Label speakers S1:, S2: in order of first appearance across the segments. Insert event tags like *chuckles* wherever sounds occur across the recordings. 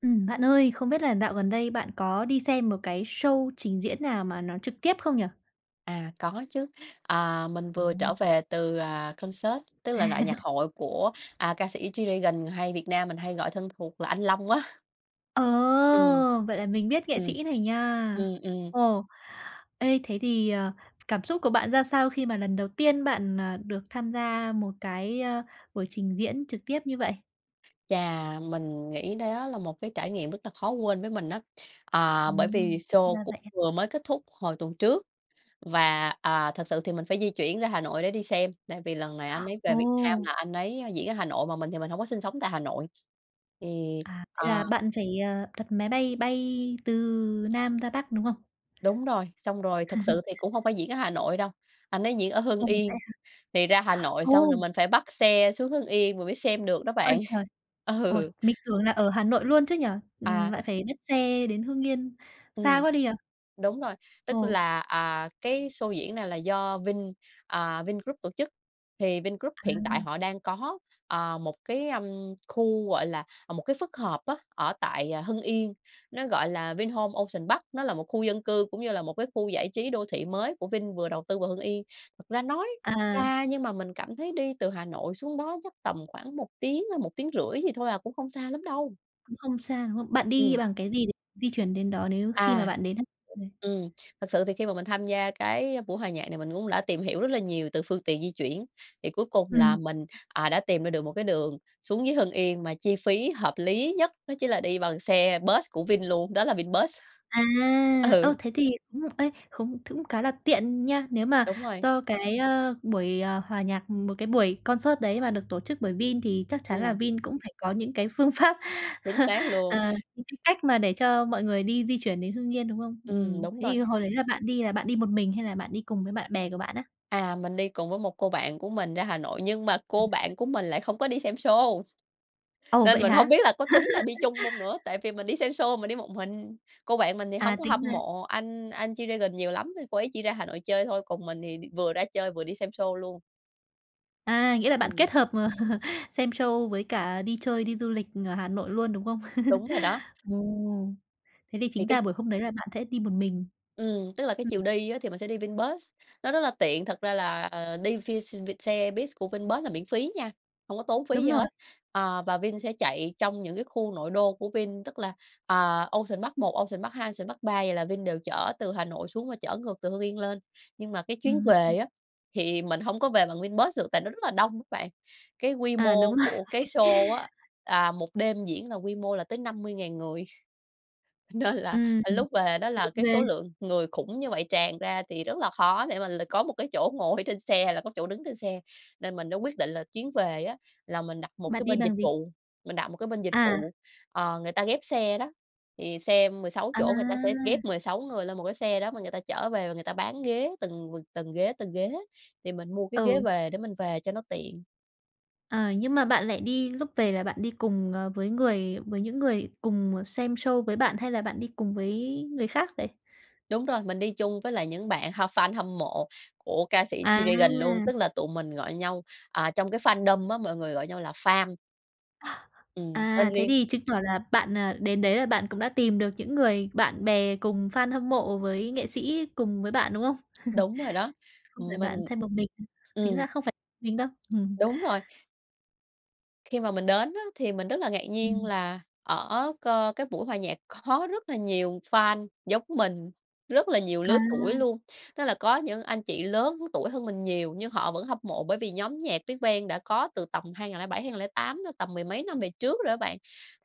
S1: Ừm, bạn ơi, không biết là dạo gần đây bạn có đi xem một cái show trình diễn nào mà nó trực tiếp không nhỉ?
S2: À, có chứ. À, mình vừa trở
S1: À.
S2: về từ, à, concert, tức là đại nhạc
S1: *chuckles*
S2: hội của, à, ca sĩ G-Dragon hay Việt Nam mình hay gọi thân thuộc là anh Long á.
S1: Ờ,
S2: Ừm.
S1: vậy là mình biết nghệ
S2: Ừm.
S1: sĩ này nha.
S2: Ừm, ừm.
S1: Ồ! Ê, thế thì, ờ, cảm xúc của bạn ra sao khi mà lần đầu tiên bạn, à, được tham gia một cái, ơ, buổi trình diễn trực tiếp như vậy?
S2: Chà, mình nghĩ đó là một cái trải nghiệm rất là khó quên với mình á. Ờ, bởi
S1: Ừm,
S2: vì sô
S1: ra
S2: cũng
S1: vậy á.
S2: vừa mới kết thúc hồi tuần trước. Và, à, thực sự thì mình phải di chuyển ra Hà Nội để đi xem, tại vì lần này anh ấy về Việt Nam
S1: Ồ.
S2: là anh ấy diễn ở Hà Nội, mà mình thì mình hông có sinh sống tại Hà Nội. Thì,
S1: À, vậy
S2: à
S1: là bạn phải, ờ, đặt máy bay bay từ Nam ra Bắc, đúng không?
S2: Đúng rồi, xong rồi thật sự
S1: *chuckles*
S2: thì cũng hông phải diễn ở Hà Nội đâu. Anh ấy diễn ở Hưng
S1: Ồ, vậy
S2: Yên,
S1: hả?
S2: thì ra Hà Nội xong
S1: Ồ!
S2: rồi mình phải bắt xe xuống Hưng Yên mình mới xem được đó
S1: Ôi
S2: bạn,
S1: trời! Ủa,
S2: ừ.
S1: mình tưởng là ở Hà Nội luôn chứ nhỉ? Ừm,
S2: À.
S1: lại phải nhắt xe đến Hưng Yên, xa
S2: Ừm,
S1: quá đi ờ.
S2: đúng rồi, tức
S1: Ồ.
S2: là, à, cái sô diễn này là do Vin, à, Vingroup tổ chức. Thì Vingroup hiện tại
S1: À.
S2: họ đang có, ờ, một cái, ưm, khu, gọi là, à, một cái phức hợp á, ở tại, à, Hưng Yên. Nó gọi là Vinhomes Ocean Park, nó là một khu dân cư cũng như là một cái khu giải trí đô thị mới của Vin vừa đầu tư vào Hưng Yên. Thật ra nói
S1: À.
S2: xa nhưng mà mình cảm thấy đi từ Hà Nội xuống đó chắc tầm khoảng 1 tiếng hay 1,5 tiếng gì thôi à, cũng không xa lắm đâu.
S1: Cũng không xa, đúng không? Bạn đi
S2: Ừm.
S1: bằng cái gì để di chuyển đến đó nếu khi mà
S2: À,
S1: bạn đến á? Ờ.
S2: ừm, thật sự thì khi mà mình tham gia cái buổi hòa nhạc này mình cũng đã tìm hiểu rất là nhiều từ phương tiện di chuyển. Thì cuối cùng là
S1: Ừm.
S2: mình, à, đã tìm ra được một cái đường xuống dưới Hưng Yên mà chi phí hợp lý nhất, nó chính là đi bằng xe bus của Vin luôn, đó là Vinbus.
S1: À, ơ,
S2: Ừ.
S1: thế thì đúng rồi. Ê, không th cũng khá là tiện nha. Nếu mà
S2: Đúng rồi.
S1: do cái, ơ, buổi, ờ, hòa nhạc, một cái buổi concert đấy mà được tổ chức bởi Vin thì chắc chắn là
S2: Ừm.
S1: Vin cũng phải có những cái phương pháp,
S2: Chính
S1: *chuckles*
S2: xác luôn.
S1: ờ, những cái cách mà để cho mọi người đi di chuyển đến Hưng Yên, đúng không?
S2: Ừm,
S1: Ừm,
S2: đúng
S1: thế
S2: rồi.
S1: thì hồi đấy là bạn đi là bạn đi một mình hay là bạn đi cùng với bạn bè của bạn á?
S2: À, mình đi cùng với một cô bạn của mình ra Hà Nội nhưng mà cô
S1: *unintelligible*
S2: bạn của mình lại không có đi xem sô.
S1: Ồ,
S2: Nên
S1: vậy
S2: mình hông
S1: hả?
S2: biết là có tính là đi
S1: *laughs*
S2: chung hông nữa? Tại vì mình đi xem sô mình đi một mình. Cô bạn mình thì hông
S1: À,
S2: có
S1: tính
S2: hâm
S1: ra
S2: mộ anh anh G-Dragon nhiều lắm nên cô ấy đi ra Hà Nội chơi thôi, còn mình thì đi vừa ra chơi, vừa đi xem sô luôn.
S1: À, nghĩa là bạn
S2: Ừm.
S1: kết hợp *chuckles* xem show với cả đi chơi, đi du lịch ở Hà Nội luôn, đúng không? *chuckles*
S2: Đúng rồi đó.
S1: Ồ, thế thì
S2: Thì
S1: chính
S2: cái
S1: ra buổi hôm đấy là bạn sẽ đi một mình.
S2: Ừm, tức là cái
S1: Ừm.
S2: chiều đi á thì mình sẽ đi VinBus, nó rất là tiện. Thật ra là, ờ, đi ph vin xe bus của Vinbus là miễn phí nha, hông có tốn phí
S1: Đúng
S2: gì
S1: rồi.
S2: hết. Ờ, và Vin sẽ chạy trong những cái khu nội đô của Vin tức là, à, Ocean Park 1, Ocean Park 2, Ocean Park 3 vậy là Vin đều chở từ Hà Nội xuống và chở ngược từ Hưng Yên lên. Nhưng mà cái chuyến về
S1: Ừm.
S2: á thì mình hông có về bằng Vinbus được tại nó rất là đông đó bạn. Cái quy
S1: À,
S2: mô
S1: đúng rồi.
S2: của cái
S1: *chuckles*
S2: sô á, à, 1 đêm diễn là quy mô là tới 50.000 người. Nên là
S1: Ừm,
S2: lúc về đó là
S1: đông
S2: cái số
S1: ghê.
S2: lượng người khủng như vậy tràn ra thì rất là khó để mà là có một cái chỗ ngồi trên xe hay là có chỗ đứng trên xe. Nên mình đã quyết định là chuyến về á là mình đặt một cái
S1: Bạn đi
S2: bên dịch
S1: bằng gì?
S2: vụ. Mình đặt một cái bên dịch
S1: À.
S2: vụ, ờ, người ta ghép xe đó, thì xe 16
S1: À.
S2: chỗ người ta sẽ ghép 16 người lên một cái xe đó mà người ta chở về và người ta bán ghế từng từng ghế, từng ghế thì mình mua cái ghế
S1: Ừ.
S2: về để mình về cho nó tiện.
S1: Ờ, nhưng mà bạn lại đi lúc về là bạn đi cùng, ờ, với người với những người cùng xem show với bạn, hay là bạn đi cùng với người khác vậy?
S2: Đúng rồi, mình đi chung với lại những bạn h fan hâm mộ của ca sĩ
S1: À.
S2: G-Dragon luôn, tức là tụi mình gọi nhau, à, trong cái fandom á, mọi người gọi nhau là FAM. Ừm, tên
S1: À, thế
S2: riêng.
S1: thì chứng tỏ là bạn, ờ, đến đấy là bạn cũng đã tìm được những người bạn bè cùng fan hâm mộ với nghệ sĩ cùng với bạn, đúng hông?
S2: Đúng rồi đó.
S1: *chuckles* Không phải
S2: Ừm,
S1: bạn
S2: mình
S1: thêm một mình, tính
S2: ừm.
S1: ra không phải mình đâu. *chuckles*
S2: Đúng rồi. Khi mà mình đến á thì mình rất là ngạc nhiên,
S1: Ừm.
S2: là ở co cái buổi hòa nhạc có rất là nhiều fan giống mình, rất là nhiều
S1: À.
S2: lứa tuổi luôn. Tức là có những anh chị lớn tuổi hơn mình nhiều nhưng họ vẫn hâm mộ, bởi vì nhóm nhạc BigBang đã có từ tầm 2007, 2008 rồi, tầm mười mấy năm về trước rồi á bạn.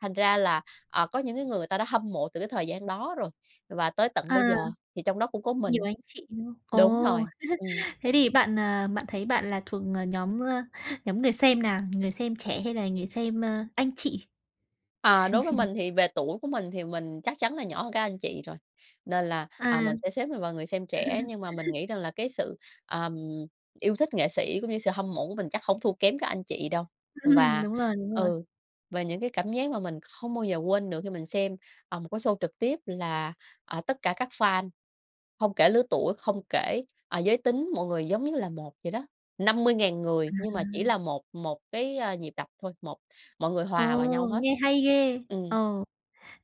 S2: Thành ra là, ờ, có những cái người người ta đã hâm mộ từ cái thời gian đó rồi và tới tận bây
S1: À.
S2: giờ, thì trong đó cũng có
S1: Nhiều
S2: mình.
S1: anh chị nữa.
S2: Đúng
S1: Ồ,
S2: rồi. Ừm.
S1: *chuckles* thế thì bạn, ờ, bạn thấy bạn là thuộc nhóm, ơ, nhóm người xem nào? Người xem trẻ hay là người xem, ơ, anh chị?
S2: À, đối với
S1: *chuckles*
S2: mình thì về tuổi của mình thì mình chắc chắn là nhỏ hơn các anh chị rồi, nên là,
S1: À.
S2: à, mình sẽ xếp mình vào người xem trẻ.
S1: *chuckles*
S2: Nhưng mà mình nghĩ rằng là cái sự, ờm, yêu thích nghệ sĩ cũng như sự hâm mộ của mình chắc hổng thua kém các anh chị đâu.
S1: *chuckles*
S2: Và,
S1: Đúng rồi, đúng rồi.
S2: ừ, về những cái cảm giác mà mình không bao giờ quên được khi mình xem, à, một cái show trực tiếp, là, ờ, tất cả các fan, không kể lứa tuổi, không kể, ờ, giới tính, mọi người giống như là một vậy đó. 50.000 người nhưng mà chỉ
S1: À.
S2: là một một cái, a, nhịp đập thôi, một mọi người
S1: Ồ,
S2: hòa vào nhau hết.
S1: nghe hay ghê!
S2: Ừm.
S1: Ồ,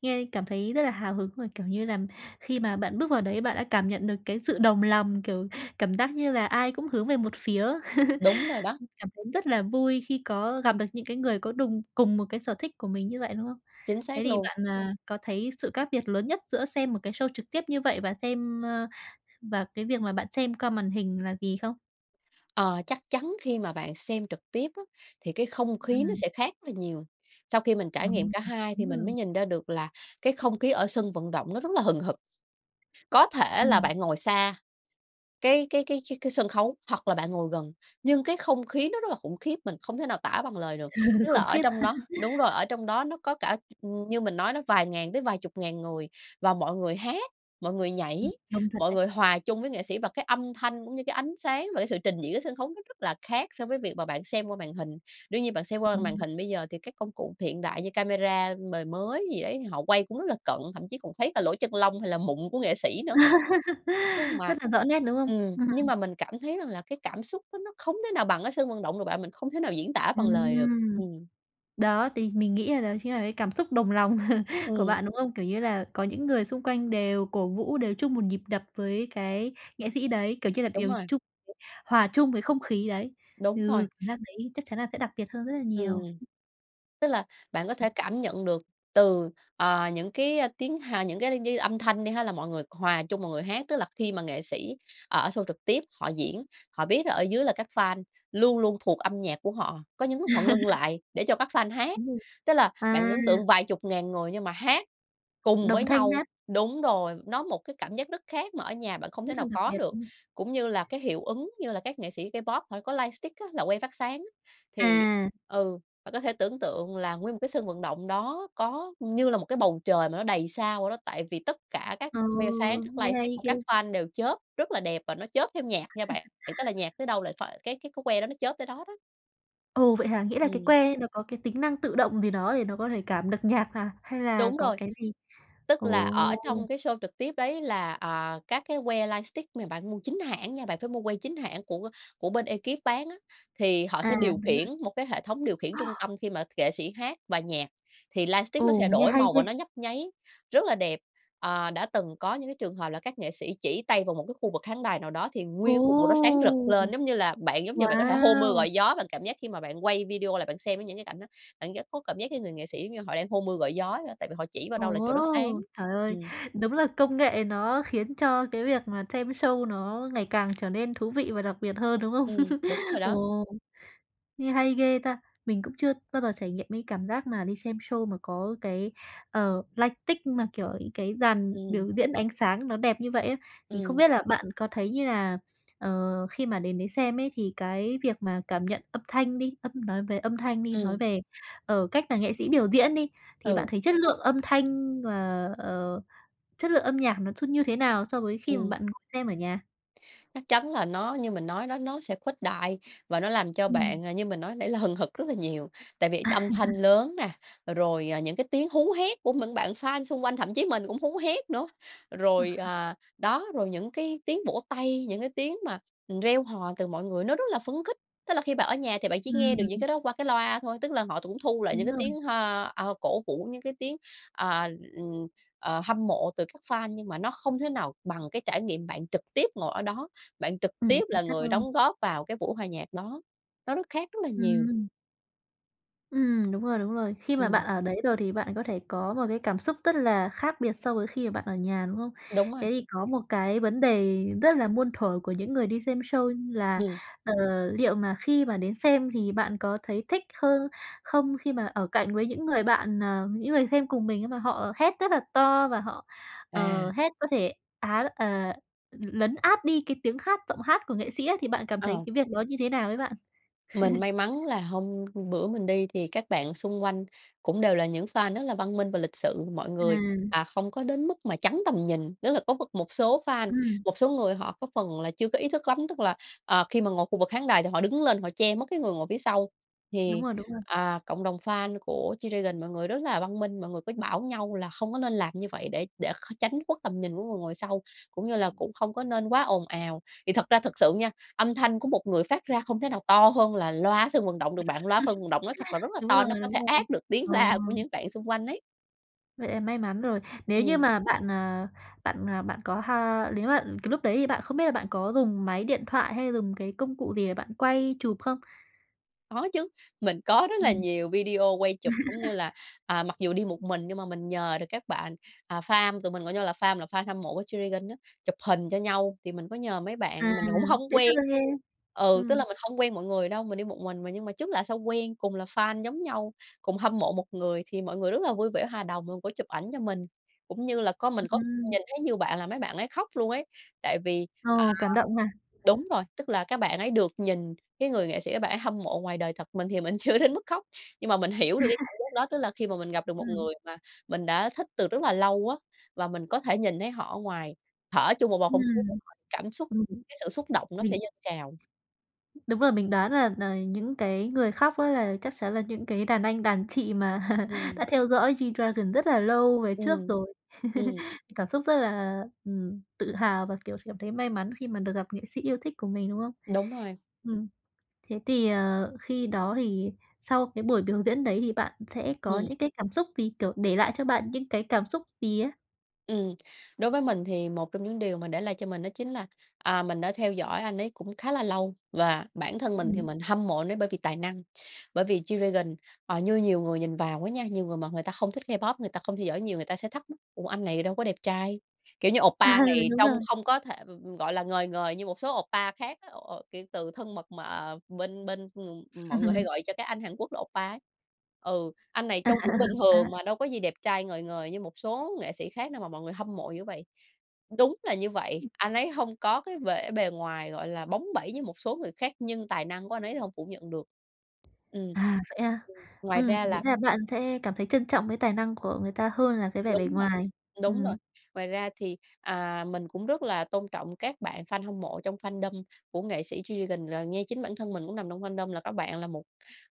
S1: nghe cảm thấy rất là hào hứng, rồi, kiểu như là, khi mà bạn bước vào đấy, bạn đã cảm nhận được cái sự đồng lòng, kiểu, cảm giác như là ai cũng hướng về một phía. *chuckles*
S2: Đúng rồi đó.
S1: Cảm thấy rất là vui khi có gặp được những cái người có đùng cùng một cái sở thích của mình như vậy, đúng không?
S2: Chính
S1: Thế
S2: xác
S1: thì
S2: luôn.
S1: bạn, à, có thấy sự khác biệt lớn nhất giữa xem một cái show trực tiếp như vậy và xem, ờ, và cái việc mà bạn xem qua màn hình là gì không?
S2: Ờ, chắc chắn khi mà bạn xem trực tiếp á thì cái không khí nó
S1: Ừm.
S2: sẽ khác rất là nhiều. Sau khi mình
S1: Ờ,
S2: trải nghiệm cả hai thì
S1: đúng
S2: mình
S1: rồi.
S2: mới nhìn ra được là cái không khí ở sân vận động nó rất là hừng hực. Có thể là
S1: Ừm.
S2: bạn ngồi xa cái cái cái cái cái sân khấu hoặc là bạn ngồi gần, nhưng cái không khí nó rất là khủng khiếp, mình không thể nào tả bằng lời được.
S1: *laughs*
S2: Tức là
S1: Khủng
S2: ở
S1: khiếp.
S2: trong đó đúng rồi,
S1: *chuckles*
S2: ở trong đó nó có cả như mình nói đó vài ngàn tới vài chục ngàn người và mọi người hát, mọi người nhảy,
S1: Ừm, đông thật
S2: mọi
S1: đấy.
S2: người hòa chung với nghệ sĩ và cái âm thanh cũng như cái ánh sáng và cái sự trình diễn sân khấu nó rất là khác so với việc mà bạn xem qua màn hình. Đương nhiên bạn xem qua m màn
S1: Ừm.
S2: hình bây giờ thì các công cụ hiện đại như camera mời mới gì đấy thì họ quay cũng rất là cận, thậm chí còn thấy là lỗ chân lông hay là mụn của nghệ sĩ nữa. Nhưng
S1: *laughs*
S2: mà
S1: Rất là rõ nét, đúng không?
S2: ừm, nhưng
S1: Ừm.
S2: mà mình cảm thấy rằng là cái cảm xúc á, nó không thể nào bằng ở sân vận động được bạn, mình không thể nào diễn tả bằng lời được,
S1: Ừm.
S2: ừm.
S1: Đó, thì mình nghĩ là đó chính là cái cảm xúc đồng lòng *chuckles* của
S2: Ừm.
S1: bạn, đúng không? Kiểu như là, có những người xung quanh đều cổ vũ đều chung một nhịp đập với cái nghệ sĩ đấy, kiểu như là
S2: Đúng
S1: đều
S2: rồi.
S1: chung *unintelligible* hòa chung với không khí đấy.
S2: Đúng
S1: Ừ,
S2: rồi.
S1: cảm giác đấy chắc chắn là sẽ đặc biệt hơn rất là nhiều.
S2: Ừm. Tức là bạn có thể cảm nhận được từ, ờ, những cái, ơ, tiếng, hà những cái như âm thanh đi ha, là mọi người hòa chung mọi người hát. Tức là khi mà nghệ sĩ ở show trực tiếp họ diễn, họ biết là ở dưới là các fan luôn luôn thuộc âm nhạc của họ, có những lúc họ ngưng
S1: *laughs*
S2: lại để cho các fan hát,
S1: Đúng rồi.
S2: tức là bạn
S1: À.
S2: ấn tượng vài chục ngàn người nhưng mà hát cùng với
S1: Đồng thanh
S2: nhau.
S1: nhất.
S2: Đúng rồi, nó một cái cảm giác rất khác mà ở nhà bạn không thể
S1: Rất là
S2: nào
S1: đặc
S2: có
S1: biệt.
S2: được,
S1: Ừm.
S2: cũng như là cái hiệu ứng như là các nghệ sĩ K-pop họ có lightstick á, là que phát sáng. Thì,
S1: À.
S2: ừ, bạn có thể tưởng tượng là nguyên một cái sân vận động đó có như là một cái bầu trời mà nó đầy sao vậy đó, tại vì tất cả các
S1: Ờ,
S2: que sáng, các
S1: nghe
S2: lightstick
S1: hay
S2: của
S1: ghê.
S2: các fan đều chớp rất là đẹp và nó chớp theo nhạc nha bạn,
S1: *chuckles*
S2: tức là nhạc tới đâu là phải cái cái que đó nó chớp tới đó đó.
S1: Ồ, vậy hả? Nghĩa là cái
S2: Ừm.
S1: que nó có cái tính năng tự động gì đó để nó có thể cảm được nhạc hả? Hay là
S2: Đúng
S1: có
S2: rồi,
S1: cái gì
S2: tức là
S1: ồ!
S2: ở trong cái show trực tiếp ấy là, ờ, các cái que lightstick mà bạn mua chính hãng nha, bạn phải mua que chính hãng của của bên ekip bán á, thì họ
S1: À,
S2: sẽ điều
S1: đúng
S2: khiển
S1: rồi.
S2: một cái hệ thống điều khiển trung tâm, khi mà nghệ sĩ hát bài nhạc, thì lightstick nó
S1: Ồ,
S2: sẽ
S1: nghe
S2: đổi
S1: hay
S2: màu
S1: ghê!
S2: và nó nhấp nháy, rất là đẹp. Ờ, đã từng có những cái trường hợp là các nghệ sĩ chỉ tay vào một cái khu vực khán đài nào đó thì
S1: Ồ!
S2: nguyên cái cục màu đó sáng rực lên, giống như là, bạn giống như bạn có thể hô mưa
S1: Wow!
S2: gọi gió, bạn cảm giác khi mà bạn quay video lại bạn xem với những cái cảnh đó, bạn rất có cảm giác cái người nghệ sĩ giống như họ đang hô mưa gọi gió vậy đó, tại vì họ chỉ vào đâu là chỗ đó sáng,
S1: Ồ! Trời ơi,
S2: ừm.
S1: đúng là công nghệ nó khiến cho cái việc mà xem show nó ngày càng trở nên thú vị và đặc biệt hơn, đúng hông?
S2: Ừm, đúng rồi
S1: *chuckles*
S2: đó.
S1: Ồ! Nghe hay ghê ta! Mình cũng chưa bao giờ trải nghiệm cái cảm giác mà đi xem show mà có cái, ờ, lightstick mà, kiểu, những cái dàn
S2: Ừm.
S1: biểu diễn ánh sáng nó đẹp như vậy á. Thì không
S2: Ừm.
S1: biết là bạn có thấy như là, ờ, khi mà đến đấy xem ấy thì cái việc mà cảm nhận âm thanh đi, âm nói về âm thanh đi, nói
S2: Ừm.
S1: về, ờ, cách là nghệ sĩ biểu diễn đi, thì bạn
S2: Ừ.
S1: thấy chất lượng âm thanh và, ờ, chất lượng âm nhạc nó thư như thế nào so với khi mà
S2: Ừm.
S1: bạn xem ở nhà?
S2: Chắc chắn là nó như mình nói đó, nó sẽ khuếch đại, và nó làm cho
S1: Ừm.
S2: bạn, như mình nói nãy, là hừng hực rất là nhiều. Tại vì âm thanh
S1: *chuckles*
S2: lớn nè, ờ, rồi, à, những cái tiếng hú hét của những bạn fan xung quanh, thậm chí mình cũng hú hét nữa. Rồi,
S1: *chuckles*
S2: à, đó, rồi những cái tiếng vỗ tay, những cái tiếng mà, ừm, reo hò từ mọi người nó rất là phấn khích. Tức là khi bạn ở nhà thì bạn chỉ nghe được những
S1: Ừm.
S2: cái đó qua cái loa thôi, tức là họ cũng thu lại những
S1: Đúng
S2: cái
S1: rồi.
S2: tiếng ha à, ờ, cổ vũ, những cái tiếng, ờ, ừm, ờ, hâm mộ từ các fan, nhưng mà nó không thể nào bằng cái trải nghiệm bạn trực tiếp ngồi ở đó, bạn trực
S1: Ừm.
S2: tiếp
S1: Chính
S2: là
S1: xác
S2: người
S1: luôn.
S2: đóng góp vào cái buổi hòa nhạc đó. Nó rất khác rất là nhiều.
S1: Ừm. Ừm, đúng rồi, đúng rồi. Khi mà
S2: Ừm.
S1: bạn ở đấy rồi thì bạn có thể có một cái cảm xúc rất là khác biệt so với khi mà bạn ở nhà, đúng hông?
S2: Đúng rồi.
S1: Thế thì có một cái vấn đề rất là muôn thuở của những người đi xem show, như là,
S2: Ừm.
S1: ờ, liệu mà khi mà đến xem thì bạn có thấy thích hơn không, khi mà ở cạnh với những người bạn, ờ, những người xem cùng mình ấy, mà họ hét rất là to, và họ,
S2: À.
S1: ờ, hét có thể, á, à, l lấn át đi cái tiếng khác giọng hát của nghệ sĩ á, thì bạn cảm thấy
S2: Ờ.
S1: cái việc đó như thế nào ấy bạn? *chuckles*
S2: Mình may mắn là hôm bữa mình đi thì các bạn xung quanh cũng đều là những fan rất là văn minh và lịch sự. Mọi người,
S1: À.
S2: à, không có đến mức mà chắn tầm nhìn, tức là có m một số fan,
S1: Ừm.
S2: một số người họ có phần là chưa có ý thức lắm, tức là, ờ, khi mà ngồi khu vực khán đài thì họ đứng lên, họ che mất cái người ngồi phía sau.
S1: Đúng
S2: Thì,
S1: rồi. Đúng rồi.
S2: à, cộng đồng fan của G-Dragon, mọi người rất là văn minh, mọi người mới bảo nhau là không có nên làm như vậy, để để kh tránh khuất tầm nhìn của người ngồi sau, cũng như là cũng không có nên quá ồn ào. Thì thật ra thực sự nha, âm thanh của một người phát ra không thể nào to hơn là loa sân vận động được bạn. Loa phân vận động nói thật là rất
S1: *laughs*
S2: là
S1: Đúng
S2: to,
S1: rồi.
S2: nó có
S1: Đúng
S2: thể
S1: rồi.
S2: át được tiếng
S1: Ồ.
S2: la của những bạn xung quanh ấy.
S1: Vậy là may mắn rồi. Nếu như
S2: Ừm.
S1: mà bạn, ờ, bạn, ờ, bạn có ha nếu mà cái lúc đấy thì bạn không biết là bạn có dùng máy điện thoại hay dùng cái công cụ gì để bạn quay chụp không?
S2: Có chứ, mình có rất là
S1: Ừm.
S2: nhiều video quay chụp, cũng như
S1: *laughs*
S2: là, à, mặc dù đi một mình nhưng mà mình nhờ được các bạn, à, FAM, tụi mình gọi nhau là FAM, là fan hâm mộ của G-Dragon á, chụp hình cho nhau, thì mình có nhờ mấy
S1: À,
S2: bạn mình cũng hông
S1: dễ
S2: quen.
S1: thương ghê.
S2: Ừ, tức
S1: Ừm.
S2: là mình hông quen mọi người đâu, mình đi một mình mà, nhưng mà trước lạ sau quen, cùng là fan giống nhau, cùng hâm mộ một người, thì mọi người rất là vui vẻ, hòa đồng, rồi có chụp ảnh cho mình. Cũng như là có mình có
S1: Ừm.
S2: nhìn thấy nhiều bạn là mấy bạn ấy khóc luôn ấy, tại vì à,
S1: Ồ, cảm động à?
S2: đúng rồi, tức là các bạn ấy được nhìn cái người nghệ sĩ các bạn ấy hâm mộ ngoài đời thật. Mình thì mình chưa đến mức khóc, nhưng mà mình hiểu được cái cảm
S1: *chuckles*
S2: giác đó. Tức là khi mà mình gặp được một
S1: Ừm.
S2: người mà mình đã thích từ rất là lâu á, và mình có thể nhìn thấy họ ở ngoài, thở chung một bầu không khí với
S1: Ừm,
S2: họ, cảm xúc,
S1: ừm,
S2: cái sự xúc động nó
S1: mình
S2: sẽ dâng trào.
S1: Đúng rồi, mình đoán là là những cái người khóc á là chắc chắn là những cái đàn anh đàn chị mà
S2: Ừm.
S1: đã theo dõi G-Dragon rất là lâu về trước
S2: Ừm,
S1: rồi.
S2: ừm.
S1: *laughs* Cảm xúc rất là, ừm, tự hào và, kiểu, cảm thấy may mắn khi mà được gặp nghệ sĩ yêu thích của mình, đúng không?
S2: Đúng rồi.
S1: Ừm. Thế thì, ờ, khi đó thì sau cái buổi biểu diễn đấy thì bạn sẽ có
S2: Ừm.
S1: những cái cảm xúc gì? Kiểu, để lại cho bạn những cái cảm xúc gì á?
S2: Ừm. Đối với mình thì một trong những điều mà để lại cho mình đó chính là, à, mình đã theo dõi anh ấy cũng khá là lâu và bản thân mình thì
S1: Ừm.
S2: mình hâm mộ anh ấy bởi vì tài năng. Bởi vì G-Dragon, ờ, như nhiều người nhìn vào á nha, nhiều người mà người ta không thích K-pop, người ta không theo dõi nhiều, người ta sẽ thắc mắc: "Ủa anh này đâu có đẹp trai?" Kiểu như
S1: À,
S2: oppa này
S1: đúng
S2: trông
S1: rồi.
S2: không có thể, ừm, ừm gọi là, ngời ngời như một số oppa khác á, kiểu, từ thân mật mà bên bên, ừm, mọi người hay
S1: *chuckles*
S2: gọi cho các anh Hàn Quốc là oppa ấy. Ừ, anh này
S1: À.
S2: trông cũng bình
S1: Á.
S2: thường mà đâu có gì đẹp trai ngời ngời như một số nghệ sĩ khác đâu mà mọi người hâm mộ dữ vậy? Đúng là như vậy,
S1: Ừm.
S2: anh ấy hông có cái vẻ bề ngoài, gọi là, bóng bẩy với một số người khác nhưng tài năng của anh ấy thì hông phủ nhận được. Ừm,
S1: À, vậy a?
S2: ừm, ngoài
S1: Ừm,
S2: ra
S1: nghĩa
S2: là
S1: là bạn sẽ cảm thấy trân trọng với tài năng của người ta hơn là cái vẻ bề
S2: Đúng rồi,
S1: ngoài.
S2: đúng rồi.
S1: Ừm.
S2: Ngoài ra thì, à, mình cũng rất là tôn trọng các bạn fan hâm mộ trong fandom của nghệ sĩ G-Dragon, rồi nghe chính bản thân mình cũng nằm trong fandom là các bạn là một,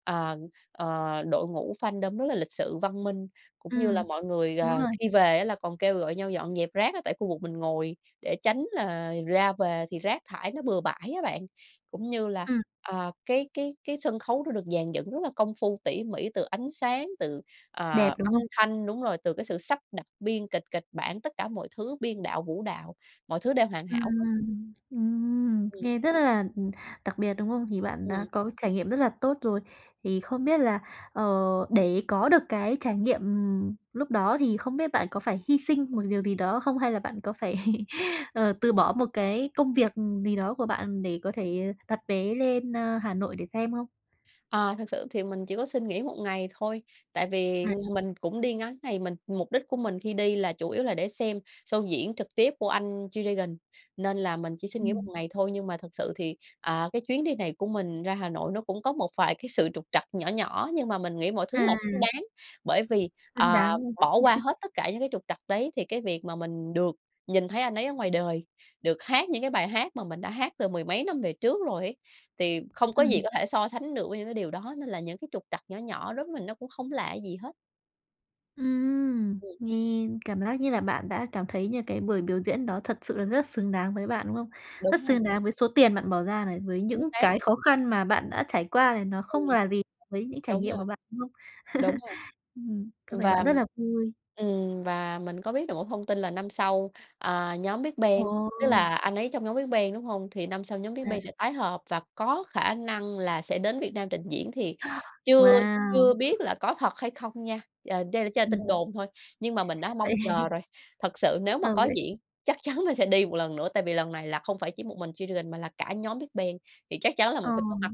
S2: ờ, ờ, đội ngũ fandom rất là lịch sự văn minh. Cũng như là
S1: Ừm.
S2: mọi người,
S1: Đúng
S2: ờ,
S1: rồi.
S2: khi về á là còn kêu gọi nhau dọn dẹp rác á tại khu vực mình ngồi để tránh là ra về thì rác thải nó bừa bãi á bạn, cũng như là,
S1: Ừm.
S2: ờ, cái cái cái sân khấu nó được dàn dựng rất là công phu tỉ mỉ, từ ánh sáng, từ, ờ,
S1: Đẹp, đúng
S2: âm
S1: không?
S2: thanh, đúng rồi, từ cái sự sắp đặt biên kịch kịch bản, tất cả mọi thứ biên đạo, vũ đạo, mọi thứ đều hoàn hảo
S1: Ừm,
S2: hết.
S1: ừm, ừm,
S2: Ừm.
S1: nghe rất là, ừm, đặc biệt, đúng không? Thì bạn
S2: Ừm.
S1: đã có trải nghiệm rất là tốt rồi. Thì không biết là, ờ, để có được cái trải nghiệm, ừm, lúc đó thì không biết bạn có phải hy sinh một điều gì đó không, hay là bạn có phải, ờ, từ bỏ một cái công việc gì đó của bạn để có thể đặt vé lên, ơ, Hà Nội để xem hông?
S2: Ờ, thực sự thì mình chỉ có xin nghỉ 1 ngày thôi, tại vì
S1: À.
S2: mình cũng đi ngắn ngày. Mình mục đích của mình khi đi là chủ yếu là để xem show diễn trực tiếp của anh G-Dragon nên là mình chỉ xin nghỉ 1
S1: Ừm.
S2: ngày thôi. Nhưng mà thực sự thì, ờ, cái chuyến đi này của mình ra Hà Nội nó cũng có một vài cái sự trục trặc nhỏ nhỏ nhưng mà mình nghĩ mọi thứ là
S1: À!
S2: xứng đáng. Bởi vì,
S1: Xứng
S2: ờ,
S1: đáng luôn!
S2: bỏ qua
S1: *chuckles*
S2: hết tất cả những cái trục trặc đấy thì cái việc mà mình được nhìn thấy anh ấy ở ngoài đời, được hát những cái bài hát mà mình đã hát từ mười mấy năm về trước rồi ấy, thì không có gì
S1: Ừm.
S2: có thể so sánh được với những cái điều đó. Nên là những cái trục trặc nhỏ nhỏ đối mình nó cũng không là gì hết.
S1: Ừm,
S2: Ừm.
S1: nghe cảm giác như là bạn đã cảm thấy như là cái buổi biểu diễn đó thật sự là rất xứng đáng với bạn, đúng không? Rất
S2: Đúng rồi.
S1: xứng đáng với số tiền bạn bỏ ra này, với
S2: Chính
S1: những
S2: xác.
S1: cái khó khăn mà bạn đã trải qua này nó
S2: Ừm.
S1: không là gì với những trải
S2: Đúng
S1: nghiệm của
S2: rồi.
S1: bạn, đúng không?
S2: Đúng
S1: *chuckles*
S2: rồi.
S1: Ừm, có vẻ
S2: Và,
S1: bạn
S2: ừm
S1: rất là vui.
S2: ừm, và mình có biết được một thông tin là năm sau, à, nhóm Big Bang, tức
S1: Ồ!
S2: là anh ấy trong nhóm Big Bang, đúng hông? Thì năm sau nhóm Big
S1: À.
S2: Bang sẽ tái hợp và có khả năng là sẽ đến Việt Nam trình diễn thì chưa chưa
S1: Wow!
S2: biết là có thật hay không nha, ờ, đây là chỉ là tin
S1: Ừm.
S2: đồn thôi, nhưng mà mình đã
S1: Vậy
S2: mong chờ
S1: *chuckles*
S2: rồi. Thật sự nếu mà
S1: Ờ,
S2: có
S1: vậy
S2: diễn, chắc chắn là sẽ đi một lần nữa, tại vì lần này là không phải chỉ một mình G-Dragon mà là cả nhóm Big Bang thì chắc chắn là
S1: Ờ.
S2: mình phải có mặt.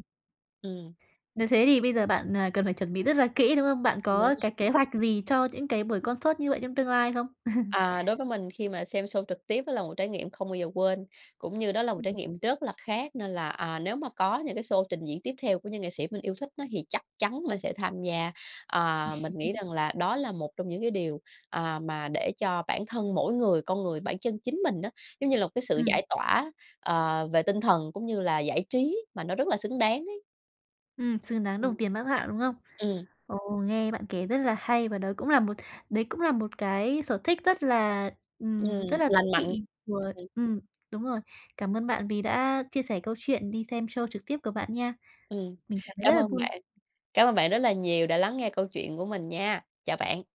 S2: Ừm.
S1: Nếu thế thì bây giờ bạn, à, cần phải chuẩn bị rất là kỹ, đúng hông? Bạn
S2: Đúng
S1: có cái
S2: rồi.
S1: kế hoạch gì cho những cái buổi concert như vậy trong tương lai không? *chuckles*
S2: À, đối với mình khi mà xem show trực tiếp đó là một trải nghiệm không bao giờ quên, cũng như đó là một trải
S1: Ừm.
S2: nghiệm rất là khác nên là, à, nếu mà có những cái show trình diễn tiếp theo của những nghệ sĩ mình yêu thích á thì chắc chắn mình sẽ tham gia. Ờ, mình nghĩ
S1: *chuckles*
S2: rằng là đó là một trong những cái điều, ờ, mà để cho bản thân mỗi người, con người, bản chân chính mình á, giống như là, một cái sự
S1: Ừm.
S2: giải tỏa, ờ, về tinh thần, cũng như là giải trí mà nó rất là xứng đáng ấy.
S1: Ừm, xứng đáng
S2: Ừm.
S1: đồng tiền bát gạo, đúng không?
S2: Ừm.
S1: Ồ, nghe bạn kể rất là hay và đấy cũng là một đấy cũng là một cái sở thích rất là,
S2: Ừm,
S1: ừm, rất là thú
S2: lành mạnh.
S1: vị của
S2: Ừm.
S1: ừm, đúng rồi. Cảm ơn bạn vì đã chia sẻ câu chuyện đi xem show trực tiếp của bạn nha.
S2: Ừm,
S1: Mình cảm thấy
S2: cảm
S1: rất là
S2: ơn
S1: vui.
S2: bạn, cảm ơn bạn rất là nhiều đã lắng nghe câu chuyện của mình nha. Chào bạn.